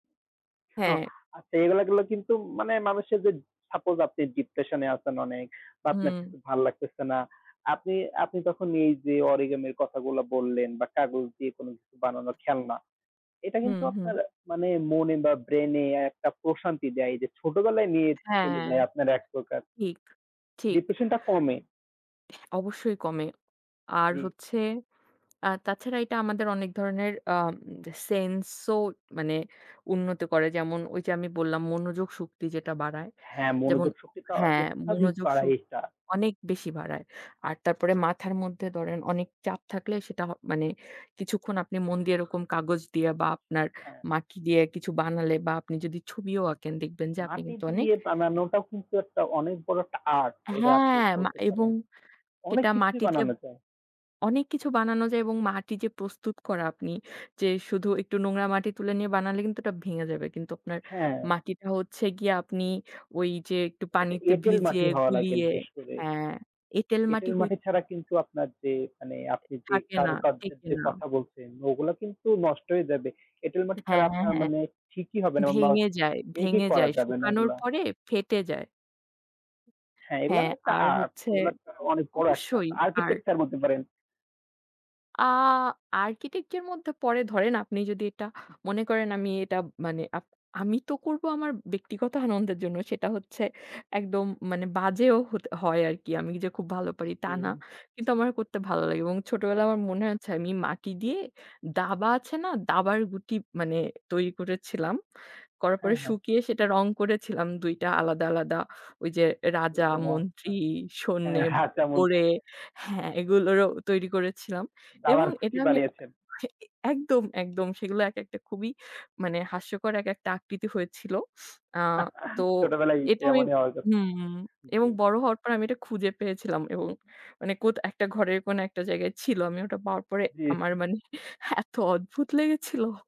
হ্যাঁ হ্যাঁ। আচ্ছা, এগুলা গুলা কিন্তু মানে মানুষের যে সাপোস আপনি ডিপ্রেশনে আছেন অনেক বা আপনার হুম। কিছু ভাল লাগতেছে না। আপনি, আপনি তখন এই যে অরিগ্যামির কথাগুলা বললেন বা কাগজ দিয়ে কোন কিছু বানানোর খেলনা, এটা হুম, কিন্তু হুম। আপনার মানে মনে বা ব্রেন এ একটা প্রশান্তি দেয়। এই যে ছোটবেলায় নিয়ে চলে হ্যাঁ। যায় আপনার একপ্রকার ঠিক, ঠিক। ডিপ্রেশন টা কমে। অবশ্যই কমে। আর জি। হচ্ছে, আর তাছাড়া এটা আমাদের অনেক ধরনের আ সেন্স ও মানে উন্নত করে। যেমন ঐ যে আমি বললাম মনোযোগ শক্তি যেটা বাড়ায়। হ্যাঁ, যেমন মনোযোগ শক্তিটা হ্যাঁ, অত্যাধিক মনোযোগ বাড়ায় শক এটা। অনেক বেশি বাড়ায়। আর তারপরে মাথার মধ্যে ধরেন অনেক চাপ থাকলে সেটা মানে কিছুক্ষণ আপনি মন দিয়ে এরকম কাগজ দিয়ে, বা আপনার হ্যাঁ। মাটি দিয়ে কিছু বানালে বা আপনি যদি ছবিও আঁকেন দেখবেন যে আপনি মাটি কিন্তু অনেক দিয়ে বানানোটা কিন্তু একটা অনেক বড় একটা আর্ট এটা আপনি হ্যাঁ মা বলতে পারেন। এবং অনেক সেটা কিছুই মাটি দিয়ে বানানো যায়। অনেক কিছু বানানো যায় এবং মাটি যে প্রস্তুত করা আপনি, যে শুধু একটু নোংরা মাটি তুলে নিয়ে বানালে কিন্তু ওটা ভেঙে যাবে। কিন্তু আপনার হ্যাঁ। মাটিটা হচ্ছে গিয়ে আপনি ওই যে একটু এটা পানিতে এটেল ভিজিয়ে, মাটি হওয়া লাগে গুলিয়ে, বিশেষ করে। হ্যাঁ, এটেল মাটি এটেল হই। মাটি ছাড়া কিন্তু আপনার যে, মানে আপনি যে থাকে না, কারুকার্যের টেকে যে না। কথা বলছেন, ওগুলা কিন্তু নষ্ট হয়ে যাবে। এটেল মাটি ছাড়া হ্যাঁ, আপনার হ্যাঁ। মানে ঠিকই হবে না বা ভেঙে যায়। মেক ই ভেঙে করা যায়। যাবে না শুকানোর এগুলা। পরে ফেটে যায়। হ্যাঁ, এগুলা হ্যাঁ একটা আর আর্ট। হচ্ছে, এগুলা অনেক বড় একটা অবশ্যই আর আরকিটেকচার বলতে পারেন। আ আর্কিটেকচারের মধ্যে পড়ে, ধরেন আপনি যদি এটা মনে করেন, আমি এটা মানে আপ আমি তো করব আমার ব্যক্তিগত আনন্দের জন্য। সেটা হচ্ছে একদম মানে বাজেও হত হয় আর কি। আমি যে খুব ভালো পারি তা না। জি। কিন্তু আমার করতে ভালো লাগে এবং ছোটবেলায় আমার মনে আছে আমি মাটি দিয়ে দাবা আছে না, দাবার গুটি মানে তৈরি করেছিলাম। করার পরে হ্যাঁ, হ্যাঁ। শুকিয়ে সেটা রং করেছিলাম ২টা আলাদা আলাদা। ঐ যে রাজা, ও মন্ত্রী, আচ্ছা। হ্যাঁ। সৈন্যে, [unintelligible] গোরে হ্যাঁ, এগুলোরও তৈরি করেছিলাম এবং দাবার এটা গুটি আমি বানিয়েছেন। এ একদম, একদম সেগুলো এক একটা খুবই মানে হাস্যকর এক একটা আকৃতি হয়েছিল। আ তো ছোটবেলায় তো এটা আমি, এমনই হওয়ার কথা। হুম এবং জি। বড় হওয়ার পরে, আমি এটা খুঁজে পেয়েছিলাম এবং মানে কোথ একটা ঘরের কোন একটা জায়গায় ছিল। আমি ওটা পাওয়ার পরে আমার জি। মানে এত অদ্ভুত লেগেছিল।